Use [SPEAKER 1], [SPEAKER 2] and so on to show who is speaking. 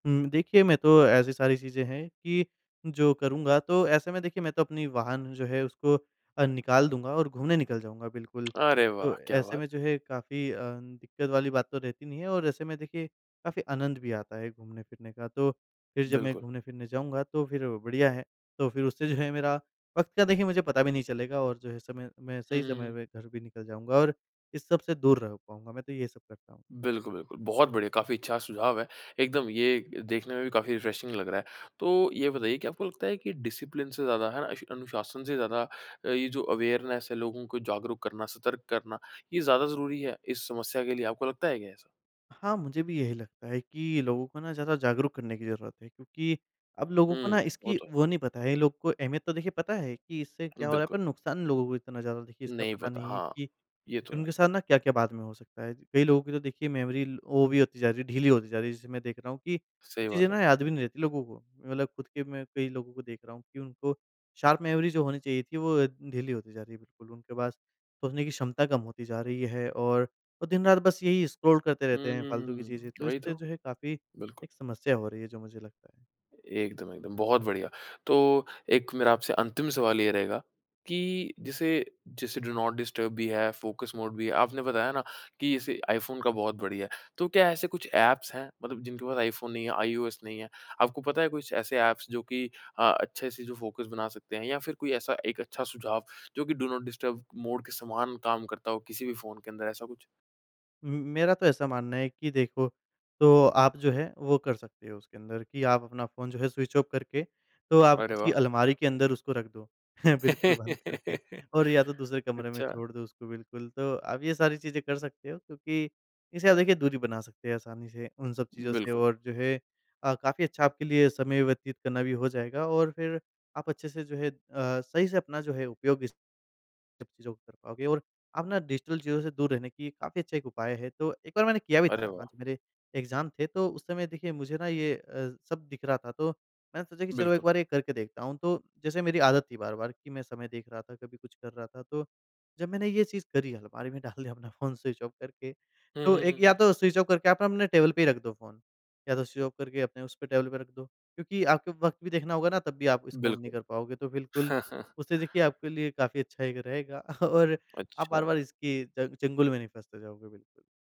[SPEAKER 1] हुँ, देखिए, मैं तो ऐसी सारी चीज़ें हैं कि जो करूँगा, तो ऐसे में, देखिए, मैं तो अपनी वाहन जो है, उसको अ, निकाल दूँगा और घूमने निकल जाऊँगा, बिल्कुल।
[SPEAKER 2] अरे,
[SPEAKER 1] तो
[SPEAKER 2] वाह! क्या
[SPEAKER 1] ऐसे
[SPEAKER 2] बात!
[SPEAKER 1] में जो है, काफ़ी अ, दिक्कत वाली बात तो रहती नहीं है और ऐसे में, देखिए, काफ़ी आनंद भी आता है घूमने-फिरने का। तो फिर जब मैं
[SPEAKER 2] बिल्कुल।
[SPEAKER 1] घूमने-फिरने जाऊँगा, तो फिर बढ़िया है। तो फिर उससे जो है, मेरा वक़्त का देखिए, मुझे पता भी नहीं चलेगा और जो है, समय मैं
[SPEAKER 2] हुँ,
[SPEAKER 1] सही
[SPEAKER 2] हुँ,
[SPEAKER 1] समय
[SPEAKER 2] हुँ।
[SPEAKER 1] में घर भी निकल जाऊँगा और इस सब से दूर रह पाऊँगा। मैं तो ये सब करता हूँ।
[SPEAKER 2] बिल्कुल, बिल्कुल, बहुत बढ़िया, काफ़ी अच्छा सुझाव है। एकदम ये देखने में भी काफ़ी रिफ्रेशिंग लग रहा है। तो ये बताइए, क्या आपको लगता है कि डिसिप्लिन से ज़्यादा, है ना, इश अनुशासन से ज़्यादा अ, ये जो अवेयरनेस है, लोगों को जागरूक करना, सतर्क करना, ये ज़्यादा ज़रूरी है इस समस्या के लिए? आपको लगता है क्या ऐसा?
[SPEAKER 1] हाँ, मुझे भी यही लगता है कि लोगों को ना, ज़्यादा जागरूक करने की ज़रूरत है, क्योंकि अब लोगों को ना,
[SPEAKER 2] हुँ, वो
[SPEAKER 1] इसकी
[SPEAKER 2] तो है।
[SPEAKER 1] वो नहीं पता है। लोगों को अहमियत, तो देखिए, पता है कि इससे
[SPEAKER 2] उ,
[SPEAKER 1] क्या हो रहा है,
[SPEAKER 2] बिल्कुल।
[SPEAKER 1] पर नुकसान लोगों को इतना ज़्यादा, देखिए, इसका
[SPEAKER 2] नहीं
[SPEAKER 1] पता
[SPEAKER 2] पता,
[SPEAKER 1] नहीं है
[SPEAKER 2] हाँ।
[SPEAKER 1] कि
[SPEAKER 2] ये तो है।
[SPEAKER 1] उनके साथ ना, क्या-क्या बाद में हो सकता है। कई लोगों की, तो देखिए, मेमोरी वो भी होती जा रही है ढीली होती जा रही है। जैसे मैं देख रहा हूँ कि
[SPEAKER 2] सही
[SPEAKER 1] चीज़ें
[SPEAKER 2] बात है।
[SPEAKER 1] ना याद भी नहीं रहती लोगों को। मैं मतलब खुद के में कई लोगों को देख रहा हूँ कि उनको शार्प मेमोरी जो होनी चाहिए थी, वो ढीली होती जा रही है। बिल्कुल, उनके पास सोचने की क्षमता कम होती जा रही है और वो दिन-रात बस यही स्क्रॉल करते रहते हैं, फ़ालतू की चीज़ें।
[SPEAKER 2] हुँ,
[SPEAKER 1] तो
[SPEAKER 2] वही
[SPEAKER 1] इससे
[SPEAKER 2] तो।
[SPEAKER 1] जो है, काफ़ी
[SPEAKER 2] बिल्कुल।
[SPEAKER 1] एक समस्या हो रही है, जो मुझे लगता है।
[SPEAKER 2] एकदम, एकदम, बहुत बढ़िया। तो एक मेरा आपसे अंतिम सवाल ये रहेगा कि जैसे जैसे डू नॉट डिस्टर्ब भी है, फ़ोकस मोड भी है। आपने बताया ना कि इसे आईफ़ोन का बहुत बढ़िया है। तो क्या ऐसे कुछ एप्स हैं, मतलब जिनके पास आईफ़ोन नहीं है, आईओएस नहीं है, आपको पता है कुछ ऐसे एप्स, जो कि अ, अच्छे से जो फ़ोकस बना सकते हैं, या फिर कोई ऐसा एक अच्छा सुझाव, जो कि डू नॉट डिस्टर्ब मोड के समान काम करता हो, किसी भी फ़ोन के अंदर? ऐसा कुछ?
[SPEAKER 1] उम, मेरा तो ऐसा मानना है कि देखो, तो आप जो है, वो कर सकते हो उसके अंदर कि आप अपना फ़ोन जो है, स्विच ऑफ़ करके, तो आप
[SPEAKER 2] अरे,
[SPEAKER 1] किसी
[SPEAKER 2] वाह!
[SPEAKER 1] अलमारी के अंदर उसको रख दो। बिल्कुल बंद करके और या तो दूसरे कमरे में
[SPEAKER 2] अच्छा।
[SPEAKER 1] छोड़ दो उसको, बिल्कुल। तो आप ये सारी चीज़ें कर सकते हो, क्योंकि इससे आप, देखिए, दूरी बना सकते हैं आसानी से, उन सब चीज़ों से,
[SPEAKER 2] बिल्कुल।
[SPEAKER 1] और जो है अ, काफ़ी अच्छा आपके लिए समय व्यतीत करना भी हो जाएगा और फिर आप अच्छे से, जो है अ, सही से अपना जो है, उपयोग भी स सब चीज़ों को कर पाओगे। और आप ना, डिजिटल चीज़ों से दूर रहने की काफ़ी अच्छा एक उपाय है। तो एक बार मैंने किया भी था।
[SPEAKER 2] अरे,
[SPEAKER 1] हाँ,
[SPEAKER 2] वाह!
[SPEAKER 1] जब मेरे एग्ज़ाम थे, तो उस समय, देखिए, मुझे ना ये अ, सब दिख रहा था। तो मैंने सोचा कि चलो, एक
[SPEAKER 2] बिल्कुल।
[SPEAKER 1] बार ये करके देखता हूँ। तो जैसे मेरी आदत थी बार-बार कि मैं समय देख रहा था, कभी कुछ कर रहा था, तो जब मैंने ये चीज़ करी, अलमारी में डाल दिया अपना फ़ोन स्विच ऑफ़ करके,
[SPEAKER 2] हुँ,
[SPEAKER 1] तो
[SPEAKER 2] हुँ,
[SPEAKER 1] एक
[SPEAKER 2] हुँ, हुँ।
[SPEAKER 1] या तो स्विच ऑफ़ करके, आप ना, अपने टेबल पे ही रख दो फ़ोन। या तो स्विच ऑफ़ करके अपने उसपे टेबल पे रख दो। क्योंकि आपको वक़्त भी देखना होगा ना, तब भी आप इसको ऑन नहीं
[SPEAKER 2] बिल्कुल।
[SPEAKER 1] कर पाओगे। तो बिल्कुल, उससे देखिए, आपके लिए काफ़ी अच्छा एक रहेगा और आप
[SPEAKER 2] अच्छा।
[SPEAKER 1] बार-बार इसकी च चंगुल में नहीं फँसते जाओगे, बिल्कुल।